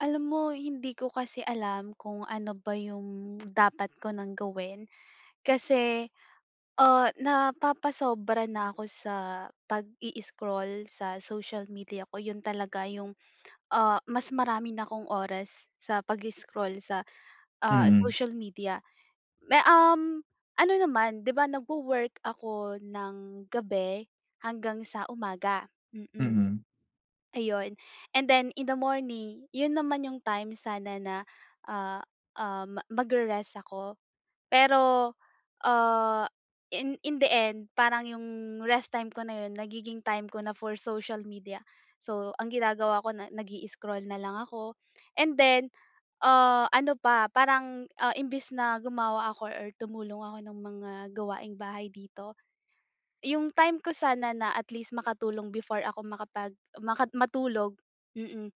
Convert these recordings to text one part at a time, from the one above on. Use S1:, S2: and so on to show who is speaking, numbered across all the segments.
S1: Alam mo, hindi ko kasi alam kung ano ba yung dapat ko nang gawin kasi, ah, napapasobra na ako sa pag-i-scroll sa social media ko, yun talaga yung, ah, mas marami na akong oras sa pag-i-scroll sa, ah,
S2: Mhm.
S1: social media. May um, ano naman, 'di ba nagwo-work ako ng gabi hanggang sa umaga, mm.
S2: Mhm.
S1: Ayun, and then in the morning, yun naman yung time sana na, ah, um, magre-rest ako, pero, ah, in in the end, parang yung rest time ko na 'yon, nagiging time ko na for social media. So, ang ginagawa ko na, nag-i-scroll na lang ako. And then, ah, ano pa, parang, ah, imbes na gumawa ako or tumulong ako ng mga gawaing bahay dito, yung time ko sana na at least makatulong before ako makapag maka matulog, mm,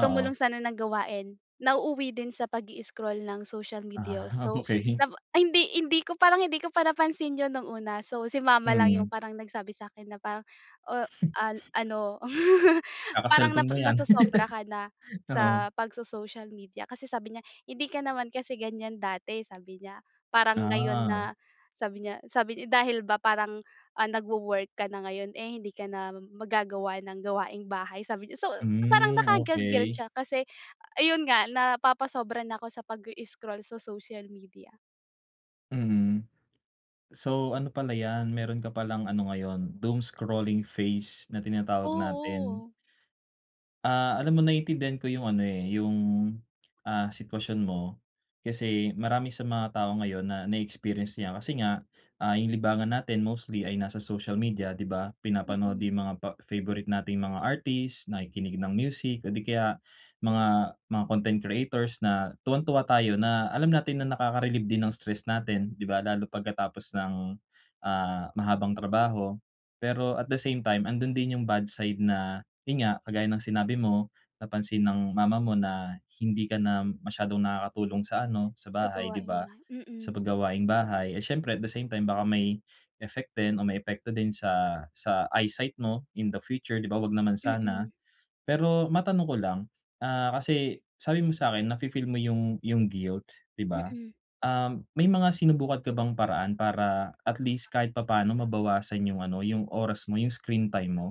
S1: tumulong sana ng gawain, nauuwi din sa pag-i-scroll ng social media, oh,
S2: Ah,
S1: so
S2: okey.
S1: tapo hindi hindi ko, parang hindi ko pa napansin 'yon nung una. So, si mama lang yung
S2: Mm.
S1: parang nagsabi sa'kin na parang, oh, ah, ano, parang
S2: Kaka-cellphone
S1: napa
S2: mo 'yan.
S1: nasosobra ka na
S2: Oo.
S1: sa pagso-social media kasi sabi niya, "Hindi ka naman kasi ganiyan dati," sabi niya. Parang ngayon
S2: Ah.
S1: na, sabi niya sabi niya, dahil ba parang, ah, nagwo-work ka na ngayon, eh, hindi ka na mag-gagawa ng gawaing bahay, sabi niya. So parang
S2: Hmm,
S1: nakaka-guilt
S2: okey.
S1: siya kasi ayun nga, napapasobra na ako sa pag-i-scroll sa social media.
S2: Mm. So ano pala yan, meron ka palang ano ngayon, doomscrolling phase na tinatawag natin.
S1: Oo.
S2: Ah, alam mo naiintindihan ko yung ano eh, yung, ah, sitwasyon mo. Kasi, marami sa mga tao ngayon na, na-experience 'yan, kasi nga ah, yung libangan natin mostly ay nasa social media, 'di ba? Pinapanood
S1: Mm.
S2: yung mga pa favourite nating mga artist, nakikinig ng music, o di kaya, mga mga content creators na tuwang-tuwa tayo na alam natin na nakaka-relieve din ng stress natin, 'di ba, lalo pagkatapos ng, ah, mahabang trabaho. Pero at the same time, andun din yung bad side na yun nga, kagaya ng sinabi mo, napansin ng mama mo na hindi ka na masyadong nakakatulong sa ano, sa
S1: Sa
S2: bahay, 'di
S1: gawaing
S2: ba?
S1: bahay,
S2: Sa
S1: mm.
S2: pag gawaing bahay eh, siyempre at the same time baka may, effect din o may epekto din sa sa eyesight mo in the future, 'di ba, 'wag naman sana.
S1: Mm.
S2: Pero matanong ko lang, ah, kasi, sabi mo sa 'kin nafi-feel mo yung yung guilt 'di ba?
S1: Mm.
S2: Ah, may mga sinubukan ka bang paraan para at least kahit papano mabawasan yung ano, yung oras mo, yung screen time mo?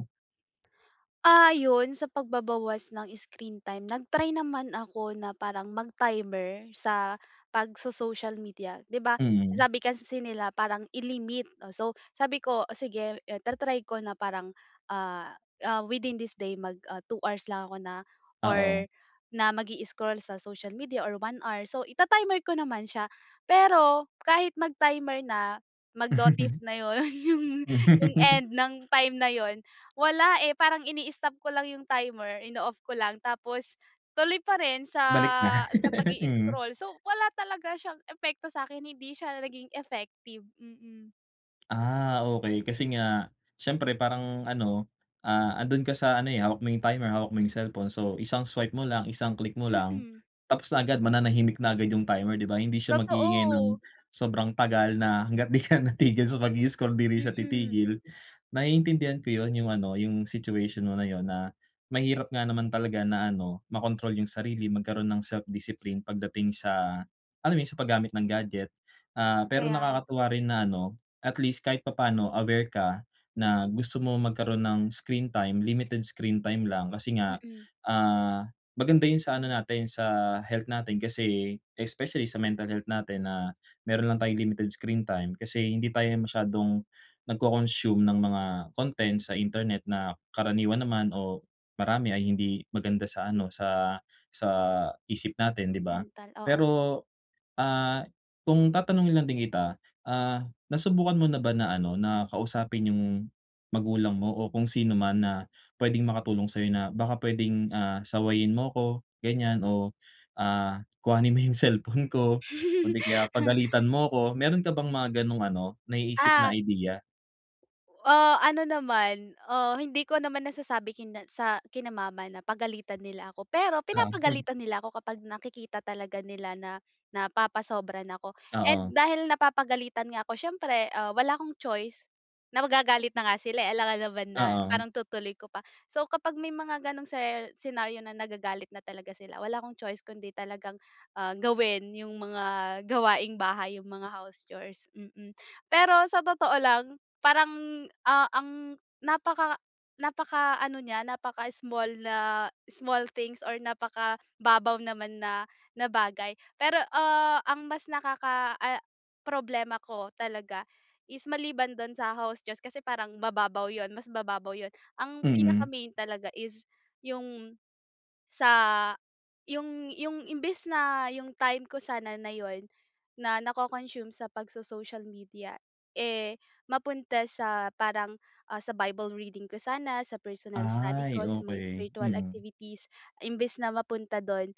S1: Ah, yun sa pagbabawas ng screen time, nag-try naman ako na parang mag-timer sa pagso social media di ba?
S2: Mm.
S1: Sabi kasi nila parang i-limit, so sabi ko o sige ta-try ko na parang, ah ah, within this day mag, ah, 2 hours lang ako na,
S2: Oo.
S1: or na mag-i-scroll sa social media or 1 hour, so ita-timer ko naman siya. Pero, kahit mag-timer na, mag-notif na yun yung yung end ng time na yun wala eh, parang ini-stop ko lang yung timer, ino-off ko lang tapos, tuloy pa rin sa
S2: Balik na,
S1: sa pag
S2: mm.
S1: i-scroll so, wala talaga siyang epekto sa'kin, hindi siya naging effective, mm.
S2: Ah, okey kasi nga, siyempre parang ano, ah, andun ka sa ano eh, hawak mo yung timer, hawak mo yung cellphone, so isang swipe mo lang, isang click mo lang,
S1: Mm.
S2: tapos na agad mananahimik na agad yung timer, di ba, hindi siya mag-iingay ng
S1: Totoo.
S2: sobrang tagal na hangga't di ka natigil sa pag i-scroll di rin siya
S1: Mm.
S2: titigil. Naiintindihan ko yun, yung ano, yung situation mo na yun na, mahirap nga naman talaga na ano, makontrol yung sarili magkaroon ng self-discipline pagdating sa, alam mo yun sa paggamit ng gadget. Ah, pero
S1: Kaya nga.
S2: nakakatuwa rin na ano, at least kahit papaano aware ka, na gusto mo magkaroon ng screen time, limited screen time lang kasi nga,
S1: Mm.
S2: ah, maganda yun sa ano natin, sa health natin kasi, especially sa mental health natin na meron lang tayong limited screen time kasi hindi tayo masyadong, nag-co-consume ng mga content sa internet na karaniwan naman o marami ay hindi maganda sa ano, sa sa isip natin, di ba?
S1: Mental, oo.
S2: Pero, ah, kung tatanungin lang din kita, ah, nasubukan mo na ba na ano, na kausapin yung, magulang mo o kung sino man na pwedeng makatulong sa'yo na baka pwedeng ah, sawayin mo 'ko ganyan o ah, kuhanin mo yung cellphone ko kundi kaya pagalitan mo 'ko. Meron ka bang mga ganong ano, naiisip
S1: Ah
S2: na idea?
S1: Uh, ano naman, ah, hindi ko naman nasasabi kina sa kina mama na pagalitan nila ako. Pero,
S2: Oo.
S1: pinapagalitan nila ako kapag nakikita talaga nila na napapasobra na ako and
S2: Oo.
S1: dahil napapagalitan nga ako siyempre, um, wala akong choice na magagalit na nga sila eh alam naman na
S2: Oo.
S1: parang itutuloy ko pa. So kapag may mga ganong ser senaryo na nagagalit na talaga sila wala akong choice kundi talagang, ah, gawin yung mga gawaing bahay yung mga house chores, mm. Pero sa totoo lang, parang, ah, ang napaka napaka-ano niya napaka small na small things or napaka-babaw naman na na bagay, pero, ah, ang mas nakaka ah, problema ko talaga is maliban dun sa house chores kasi parang mababaw yun mas mababaw yun. Ang
S2: Mm.
S1: pinaka-main talaga is yung, sa yung yung imbes na yung time ko sana na yun na nako-consume sa pagso-social media eh mapunta sa parang, ah, sa Bible reading ko sana, sa personal study ko,
S2: Ay
S1: sa mga
S2: okey,
S1: spiritual
S2: mm.
S1: activities, imbes na mapunta dun,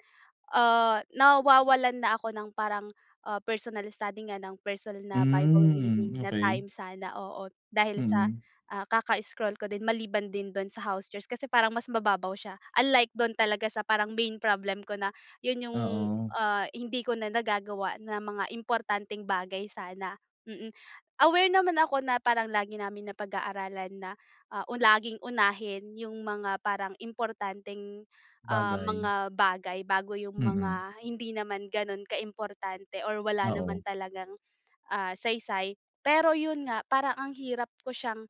S1: ah, nawawalan na ako ng parang, ah, personal study nga ng personal na Bible
S2: Hmm,
S1: reading na
S2: okey.
S1: time sana, oo, dahil sa,
S2: Mm.
S1: ah, kaka-scroll ko din maliban din dun sa house chores, kasi parang mas mababaw siya unlike dun talaga sa parang main problem ko na 'yun yung,
S2: Oo.
S1: ah, hindi ko na nagagawa ng mga importanteng bagay sana, mm. Aware naman ako na parang lagi namin napag-aaralan na, uh, laging unahin yung mga parang importanteng, ah,
S2: Bagay.
S1: mga bagay bago yung
S2: Mm.
S1: mga hindi naman ganon ka-importante or wala naman
S2: Oo.
S1: talagang, ah, saysay. Pero yun nga parang ang hirap ko siyang,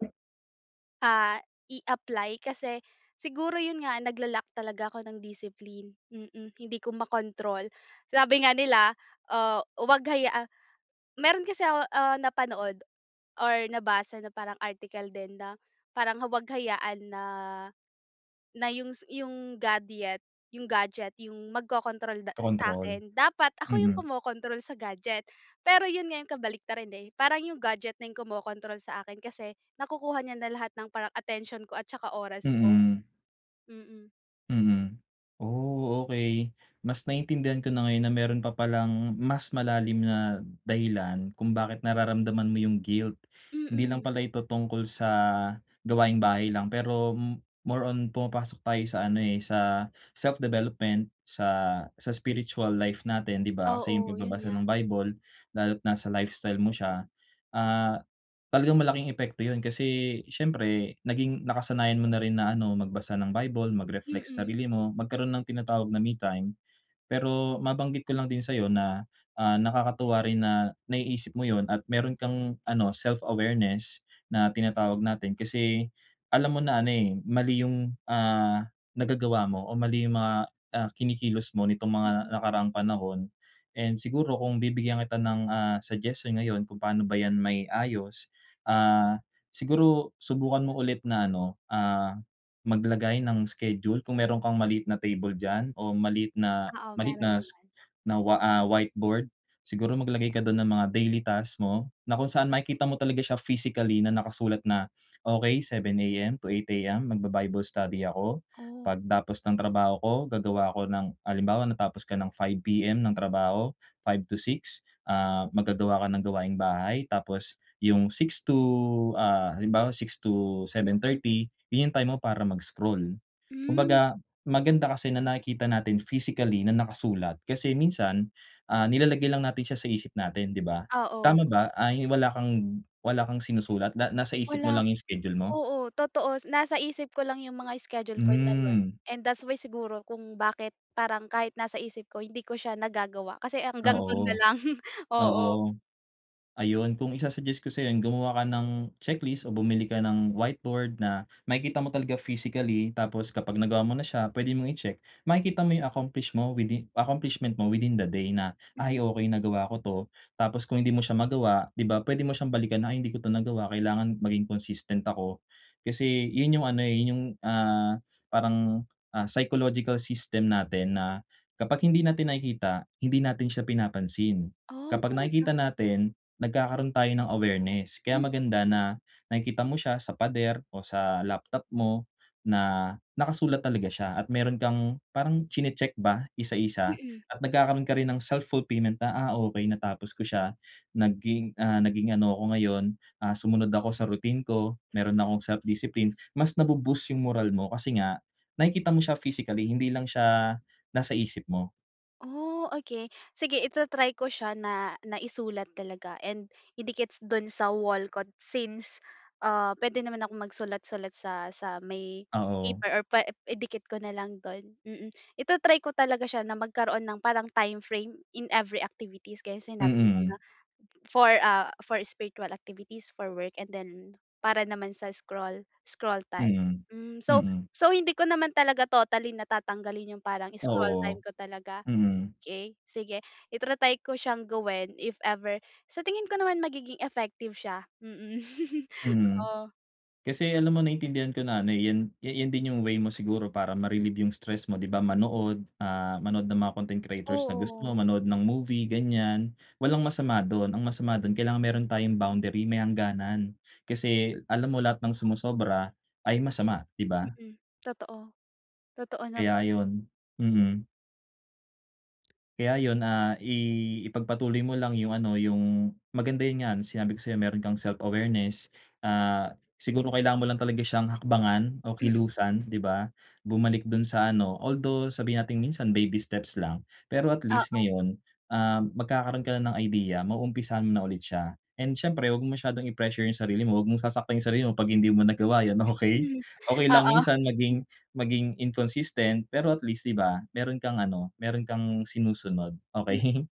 S1: ah, i-apply kasi siguro yun nga nagla-lack talaga ako ng discipline, mm, hindi ko makontrol sabi nga nila, ah, huwag hayaan meron kasi ako, uh, napanood or nabasa na parang article din na parang huwag hayaan na na yung sa yung gadyet gadget yung magkokontrol sa
S2: Control,
S1: sa'kin, dapat ako yung
S2: mm.
S1: kumokontrol sa gadget. Pero yun nga yung kabaliktaran eh parang yung gadget na yung kumokontrol sa akin kasi nakukuha niya na lahat ng parang atensyon ko at saka oras ko.
S2: Mm.
S1: Mm.
S2: Mm. Oh, okay. Mas naiintindihan ko na ngayon na meron pa palang mas malalim na dahilan kung bakit nararamdaman mo yung guilt. Hindi lang
S1: Mm.
S2: pala ito tungkol sa gawaing bahay lang, pero m more on pumapasok tayo sa ano, eh, sa self-development, sa sa spiritual life natin, 'di ba? Kasi yung
S1: Oo. 'Yun
S2: pagbabasa
S1: nga.
S2: ng Bible, lalo't nasa lifestyle mo siya, ah, talagang malaking epekto yun, kasi syempre naging nakasanayan mo na rin na ano, magbasa ng Bible, magreflect sa
S1: Mm.
S2: sarili mo, magkaroon ng tinatawag na me time. Pero mabanggit ko lang din sa'yo na, ah, nakakatuwa rin na naiisip mo yun at meron kang ano, self-awareness na tinatawag natin, kasi alam mo na ano, eh, mali yung, ah, nagagawa mo o mali yung mga, ah, kinikilos mo nitong mga
S1: Mm.
S2: nakaraang panahon. And siguro kung bibigyan kita ng, ah, suggestion ngayon kung paano ba yan mai-ayos, ah, siguro subukan mo ulit na ano, ah, maglagay ng schedule, kung meron kang maliit na table diyan o maliit na
S1: Oo,
S2: maliit
S1: meron
S2: na si
S1: naman.
S2: na, wa ah, whiteboard, siguro maglagay ka dun ng mga daily task mo, na kung saan makikita mo talaga siya physically na nakasulat na, okay, 7:00 AM to 8:00 AM mag-ba-bible study ako.
S1: Oh.
S2: Pagtapos ng trabaho ko gagawa ako ng, halimbawa natapos ka ng 5:00 PM ng trabaho, 5:00 to 6:00, ah, maggagawa ka ng gawaing bahay, tapos 'yung 6:00 to ah, halimbawa 6:00-7:30 yung yung time mo para mag-scroll.
S1: Mm.
S2: 'Kumbaga maganda kasi na nakikita natin physically na nakasulat. Kasi minsan, ah, nilalagay lang natin siya sa isip natin, 'di ba?
S1: Oo.
S2: Tama ba, ay wala kang wala kang sinusulat? Na nasa isip mo
S1: Wala.
S2: lang yung schedule mo?
S1: Oo, totoo. Nasa isip ko lang yung mga schedule ko na yun,
S2: Mm.
S1: and that's why siguro kung bakit parang kahit nasa isip ko hindi ko siya nagagawa, kasi hanggang dun na
S2: Oo.
S1: lang, oo.
S2: Oo. Ayun, kung i-su-suggest ko sa'yo yun, gumawa ka ng checklist, o bumili ka ng whiteboard na, makikita mo talaga physically. Tapos kapag nagawa mo na siya pwede mong i-check. Makikita mo yung accomplish mo within accomplishment mo within the day na,
S1: Mm.
S2: "Ay okay nagawa ko 'to." Tapos kung hindi mo siya magawa, 'di ba. Pwede mo siyang balikan na, "Ay, hindi ko 'to nagawa, kailangan maging consistent ako." Kasi yun yung ano, eh, yun yung, ah, parang, ah, psychological system natin na, kapag hindi natin nakikita, hindi natin siya pinapansin.
S1: Oh,
S2: Kapag nakikita
S1: talaga?
S2: natin nagkakaroon tayo ng awareness. Kaya
S1: Mm.
S2: maganda na nakikita mo siya sa pader o sa laptop mo na nakasulat talaga siya, at meron kang, parang chini-check ba isa-isa,
S1: Mm.
S2: at nagkakaroon ka rin ng self-fulfillment na, "Ah, okay natapos ko siya, naging ah, naging ano ako ngayon, ah, sumunod ako sa routine ko, meron na akong self-discipline." Mas na bu-boost yung moral mo, kasi nga nakikita mo siya physically hindi lang siya nasa isip mo.
S1: Oh, okey. Sige ita-try ko siya na na isulat talaga and idikit s dun sa wall ko since, ah, puwede naman akong magsulat-sulat sa sa may
S2: Oo.
S1: paper or pwe idikit ko na lang dun, mm. Ita-try ko talaga siya na magkaroon ng parang timeframe in every activities gaya ng sinabi mo na
S2: Mm.
S1: for, ah, for spiritual activities, for work and then para naman sa scroll scroll time,
S2: Mm.
S1: hmm. So
S2: Mm.
S1: so hindi ko naman talaga totally na tatanggalin 'yong parang scroll
S2: Oo.
S1: time ko talaga.
S2: Mm.
S1: Okey, sige ita-try ko siyang gawin if ever. Sa tingin ko naman magiging effective siya, mm.
S2: Mm.
S1: Oo.
S2: Kasi alam mo naintindihan ko na ano, eh, 'yan 'ya 'yan din 'yong way mo siguro para ma-relieve 'yong stress mo, 'di ba, manood, ah, manood ng mga content creators na gusto
S1: Oo.
S2: mo, manood ng movie, ganiyan. Walang masama do'n. Ang masama do'n kailangan mayro'n tayong boundary, may hangganan. Kasi alam mo lahat ng sumusobra ay masama, 'di ba?
S1: Mm. Totoo. Totoo naman.
S2: Kaya 'yon. Mhm. Kaya yun, ah, i ipagpatuloy mo lang yung ano, yung, maganda yun nga, yung sinabi ko sa'yo meron kang self awareness, ah, siguro kailangan mo lang talaga syang hakbangan, o
S1: Mm.
S2: kilusan, 'di ba? Bumalik dun sa ano, although sabihin natin minsan baby steps lang, pero at least
S1: Oo.
S2: ngayon, ah, magkakaroon ka na ng idea, ma-uumpisahan mo na ulit siya. And syempre wag mo masyadong i-pressure yung sarili mo, wag mong sasaktan yung sarili mo 'pag hindi mo nagawa yun, okey?
S1: Hmm,
S2: Okey lang
S1: oo.
S2: minsan maging maging inconsistent, pero at least, 'di ba? Meron kang ano, meron kang sinusunod,
S1: M
S2: okey?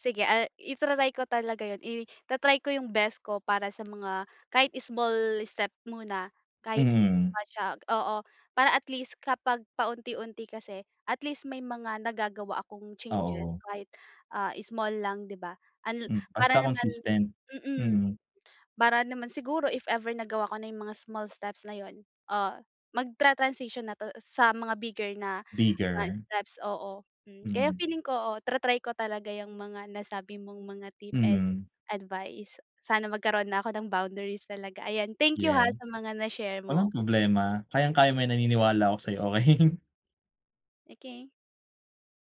S1: Sige, ah, ita-try ko talaga yun, i ta-try ko yung best ko para sa mga, kahit small step muna, kahit hindi ko
S2: Mm.
S1: pa siya oo, para at least kapag paunti-unti kasi, at least may mga nagagawa akong changes
S2: Oo.
S1: kahit, ah, small lang, 'di ba? Unl
S2: Hmm.
S1: para
S2: Basta
S1: naman
S2: consistent.
S1: mm,
S2: Mm.
S1: para naman siguro if ever nagawa ko na yung mga small steps na yun, ah, mag tra-transition na to sa mga bigger na na
S2: Bigger.
S1: steps, oo. mm, kaya
S2: Mm.
S1: feeling ko, oo, tra-try ko talaga yang mga nasabi mong mga tip and
S2: Mhm.
S1: advice. Sana magkaroon na ako ng boundaries talaga, ayan thank you, ha,
S2: Yeah.
S1: sa mga na share
S2: Walang
S1: mo.
S2: problema, kayang-kaya mo yan, naniniwala ako sayo, okey?
S1: Okey.